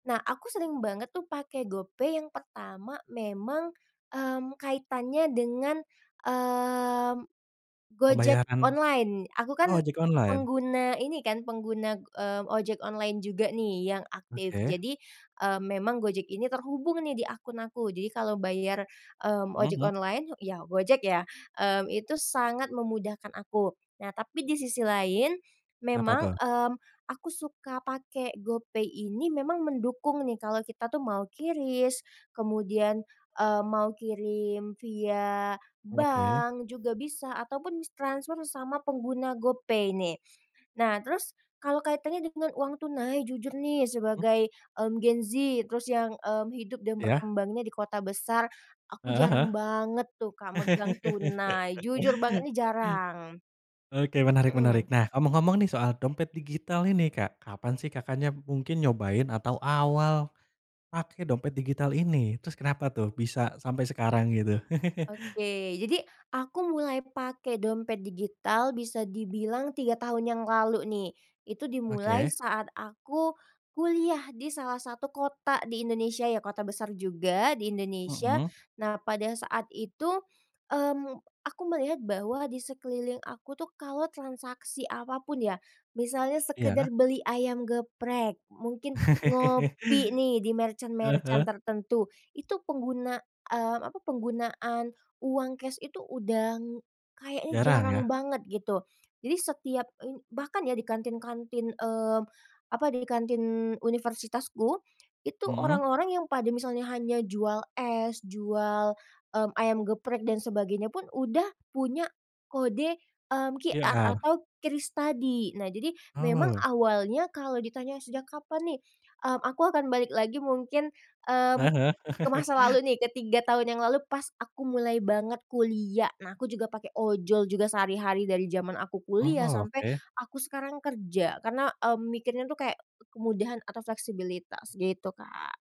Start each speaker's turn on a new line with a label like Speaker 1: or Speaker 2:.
Speaker 1: Nah, aku sering banget tuh pakai GoPay yang pertama memang, mmm, kaitannya dengan, mmm, Gojek
Speaker 2: Pembayaran—
Speaker 1: online. Aku kan
Speaker 2: oh ojek online?
Speaker 1: pengguna ini kan, pengguna, mmm, ojek online juga nih, yang aktif.
Speaker 2: Oke.
Speaker 1: Jadi, mmm, memang Gojek ini terhubung nih, di akun aku, jadi kalau bayar, mmm,
Speaker 2: Hmm
Speaker 1: ojek
Speaker 2: hmm.
Speaker 1: online, ya Gojek ya, mmm, itu sangat memudahkan aku. Nah, tapi di sisi lain
Speaker 2: Apa
Speaker 1: memang,
Speaker 2: tuh?
Speaker 1: mmm, aku suka pakai GoPay ini memang mendukung nih, kalau kita tuh mau QRIS, kemudian, eee, mau kirim via
Speaker 2: Oke.
Speaker 1: bank juga bisa ataupun s transfer sama pengguna GoPay nih. Nah, terus kalau kaitannya dengan uang tunai, jujur nih
Speaker 2: Mhm.
Speaker 1: sebagai, mmm, gen Z, terus yang, mmm, hidup dan
Speaker 2: Iya.
Speaker 1: berkembangnya di kota besar, aku
Speaker 2: Heeh
Speaker 1: jarang banget tuh, Kak,
Speaker 2: heeh.
Speaker 1: megang tunai. Jujur banget nih, jarang.
Speaker 2: Oke menarik menarik.
Speaker 1: Mhm.
Speaker 2: Nah, ngomong-ngomong nih, soal dompet digital ini, Kak, kapan sih Kakaknya b mungkin nyobain atau awal pake dompet digital ini, terus kenapa tuh, bisa sampai sekarang gitu?
Speaker 1: Oke, jadi aku mulai pakai dompet digital bisa dibilang 3 tahun yang lalu nih. Itu dimulai
Speaker 2: Oke.
Speaker 1: saat aku kuliah di salah satu kota di Indonesia, ya kota besar juga di Indonesia.
Speaker 2: Mhm.
Speaker 1: Nah, pada saat itu, mmm, aku melihat bahwa di sekeliling aku tuh kalau transaksi apapun ya, misalnya
Speaker 2: Iya.
Speaker 1: sekedar beli ayam geprek, mungkin ngopi nih, di
Speaker 2: Heeh
Speaker 1: merchant-merchant
Speaker 2: heeh.
Speaker 1: tertentu. Itu pengguna, mmm, apa, penggunaan uang cash itu udang, kayaknya
Speaker 2: Jarang
Speaker 1: jarang
Speaker 2: ya?
Speaker 1: banget gitu. Jadi setiap ini bahkan ya, di kantin-kantin, mmm, apa, di kantin universitasku, itu
Speaker 2: Mhm.
Speaker 1: orang-orang yang pada misalnya hanya jual es, jual, mmm, ayam geprek dan sebagainya pun udah punya kode, mmm, QR
Speaker 2: QR?
Speaker 1: atau QRIS tadi. Nah, jadi memang
Speaker 2: Oh.
Speaker 1: awalnya kalau ditanya, sejak kapan nih, mmm, aku akan balik lagi mungkin, mmm,
Speaker 2: Heeh heeh.
Speaker 1: ke masa lalu nih, ke 3 tahun yang lalu pas aku mulai banget kuliah. Nah, aku juga pakai ojol juga sehari-hari dari zaman aku kuliah
Speaker 2: Oh,
Speaker 1: sampai
Speaker 2: oke.
Speaker 1: aku sekarang kerja. Karena, mmm, mikirnya tuh, kayak kemudahan atau fleksibilitas, gitu Kak.